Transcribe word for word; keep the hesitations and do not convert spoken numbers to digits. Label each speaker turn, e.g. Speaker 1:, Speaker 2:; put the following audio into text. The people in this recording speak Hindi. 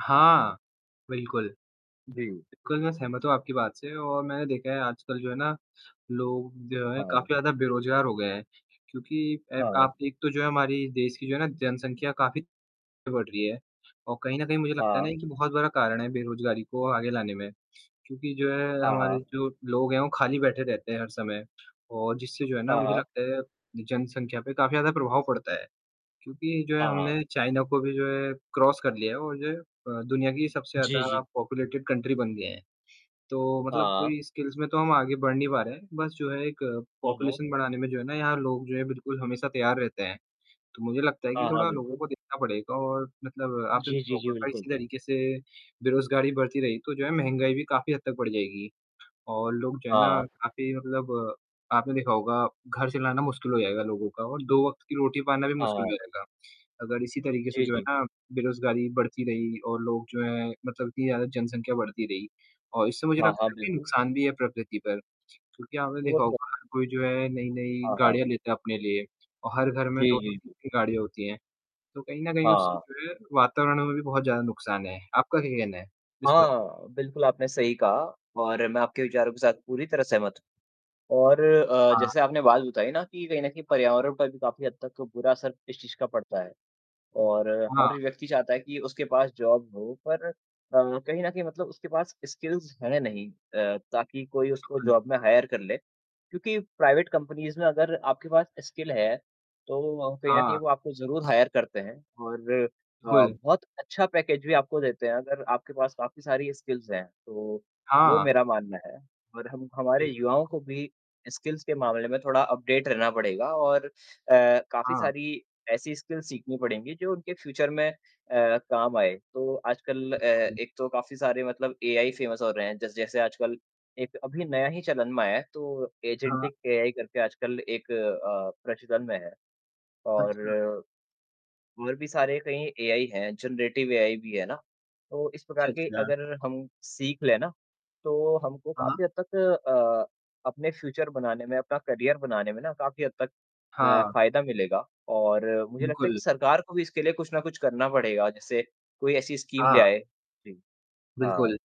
Speaker 1: हाँ, बिल्कुल।
Speaker 2: जी।
Speaker 1: बिल्कुल, मैं सहमत हूँ आपकी बात से और मैंने देखा है आजकल जो है ना, लोग जो हैं
Speaker 2: हाँ।
Speaker 1: काफ़ी ज़्यादा बेरोज़गार हो गए हैं। क्योंकि अ,
Speaker 2: हाँ।
Speaker 1: एक तो जो है हमारे देश की जो है ना जनसंख्या काफ़ी बढ़ रही है और कहीं न कहीं मुझे लगता है ना
Speaker 2: हाँ।
Speaker 1: कि बहुत बड़ा कारण है बेरोज़गारी को आगे लाने में। क्योंकि जो है
Speaker 2: हाँ,
Speaker 1: हमारे
Speaker 2: हाँ।
Speaker 1: जो लोग हैं वो खाली बैठे रहते हैं हर समय और जिससे जो है ना
Speaker 2: हाँ,
Speaker 1: मुझे
Speaker 2: हाँ।
Speaker 1: लगता है जनसंख्या पे काफ़ी ज़्यादा प्रभाव पड़ता है। क्योंकि जो है
Speaker 2: हाँ, हाँ।
Speaker 1: हमने चाइना को भी जो है क्रॉस कर लिया है और जो है अ, दुनिया की सबसे
Speaker 2: जी,
Speaker 1: ज़्यादा
Speaker 2: जी।
Speaker 1: पॉपुलेटेड कंट्री बन गए है, तो
Speaker 2: हाँ,
Speaker 1: मतलब
Speaker 2: हाँ।
Speaker 1: कोई स्किल्स में तो हम आगे बढ़ नहीं पा रहे हैं, बस जो है एक
Speaker 2: हाँ, हाँ।
Speaker 1: पॉपुलेशन बढ़ाने में जो है ना यहाँ लोग जो हैं बिल्कुल हमेशा तैयार रहते हैं। तो मुझे लगता है कि
Speaker 2: हाँ, हाँ,
Speaker 1: थोड़ा लोगों
Speaker 2: बिल्कुल।
Speaker 1: को देखना पड़ेगा और मतलब आपने
Speaker 2: जी,
Speaker 1: देखा
Speaker 2: जी, जी,
Speaker 1: होगा,
Speaker 2: बिल्कुल।
Speaker 1: इसी तरीके से बेरोज़गारी बढ़ती रही तो जो है महँगाई भी काफ़ी हद तक बढ़ जाएगी। और लोग जो हैं ना
Speaker 2: हाँ।
Speaker 1: काफ़ी मतलब आपने देखा होगा, घर चलाना मुश्किल हो जाएगा लोगों का और दो वक़्त की रोटी पाना भी मुश्किल
Speaker 2: हाँ।
Speaker 1: हो जाएगा। अगर इसी तरीके से
Speaker 2: जी,
Speaker 1: जो है
Speaker 2: जी।
Speaker 1: ना, बेरोज़गारी बढ़ती रही और लोग जो हैं मतलब इतनी ज़्यादा जनसंख्या बढ़ती रही और इससे मुझे
Speaker 2: हाँ, हाँ,
Speaker 1: लगता है कि
Speaker 2: बिल्कुल।
Speaker 1: नुकसान भी है प्रकृति पर, क्योंकि आपने
Speaker 2: वो
Speaker 1: देखा
Speaker 2: तो
Speaker 1: होगा हर कोई जो है नई-नई
Speaker 2: हाँ, हाँ।
Speaker 1: गाड़ियाँ लेता है अपने लिए और हर घर में
Speaker 2: जी,
Speaker 1: दो दो तीन
Speaker 2: जी।
Speaker 1: तीन गाड़ियाँ होती हैं, तो कहीं न कहीं उससे
Speaker 2: हाँ।
Speaker 1: जो है वातावरण में भी बहुत ज़्यादा नुकसान है। आपका क्या कहना है? इस पर?
Speaker 2: हाँ, बिल्कुल, आपने सही कहा और मैं आपके विचारों के साथ पूरी तरह सहमत हूँ। और अ,
Speaker 1: हाँ।
Speaker 2: जैसे आपने बात बताई ना कि कहीं न कहीं पर्यावरण पर भी काफ़ी हद तक बुरा असर इस चीज़ का पड़ता है। और
Speaker 1: हाँ।
Speaker 2: हर व्यक्ति चाहता है कि उसके पास जॉब हो पर अ, कहीं न कहीं मतलब उसके पास स्किल्स हैं नहीं अ, ताकि कोई उसको
Speaker 1: बिल्कुल।
Speaker 2: जॉब में हायर कर ले। क्योंकि प्राइवेट कंपनीज़ में अगर आपके पास स्किल है, तो वो व कहीं न कहीं
Speaker 1: हाँ।
Speaker 2: वो आपको ज़रूर हायर करते हैं और अ,
Speaker 1: कुल।
Speaker 2: बहुत अच्छा पैकेज भी आपको देते हैं, अगर आपके पास काफ़ी सारी स्किल्स हैं, तो वो
Speaker 1: हाँ।
Speaker 2: मेरा मानना है। और हम हमारे
Speaker 1: बिल्कुल।
Speaker 2: युवाओं को भी स्किल्स के मामले में थोड़ा अपडेट रहना पड़ेगा और अ, काफ़ी
Speaker 1: हाँ।
Speaker 2: सारी ऐसी स्किल्स सीखनी पड़ेंगी जो उनके फ्यूचर में अ, काम आएँ। तो आजकल अ,
Speaker 1: बिल्कुल।
Speaker 2: एक तो काफ़ी सारे मतलब एआई फेमस हो रहे हैं जैस जैसे आजकल एक अभी नया ही चलन में आया है, तो
Speaker 1: हाँ।
Speaker 2: एजेंटिक एआई करके आजकल एक अ, प्रचलन में है। और,
Speaker 1: अच्छा।
Speaker 2: और भी सारे कहीं एआई हैं, जनरेटिव एआई भी है ना। तो इस प्रकार
Speaker 1: अच्छा,
Speaker 2: की
Speaker 1: अच्छा।
Speaker 2: अगर हम सीख लें ना, तो हमको
Speaker 1: हाँ, हाँ।
Speaker 2: काफ़ी हद तक अ, अपने फ्यूचर बनाने में, अपना करियर बनाने में ना काफ़ी हद तक अ,
Speaker 1: हाँ।
Speaker 2: फायदा मिलेगा और मुझे लगता है कि
Speaker 1: बिल्कुल।
Speaker 2: सरकार को भी इसके लिए कुछ ना कुछ करना पड़ेगा, जैसे कोई ऐसी स्कीम ले
Speaker 1: हाँ।
Speaker 2: आए जी हाँ।
Speaker 1: बिल्कुल।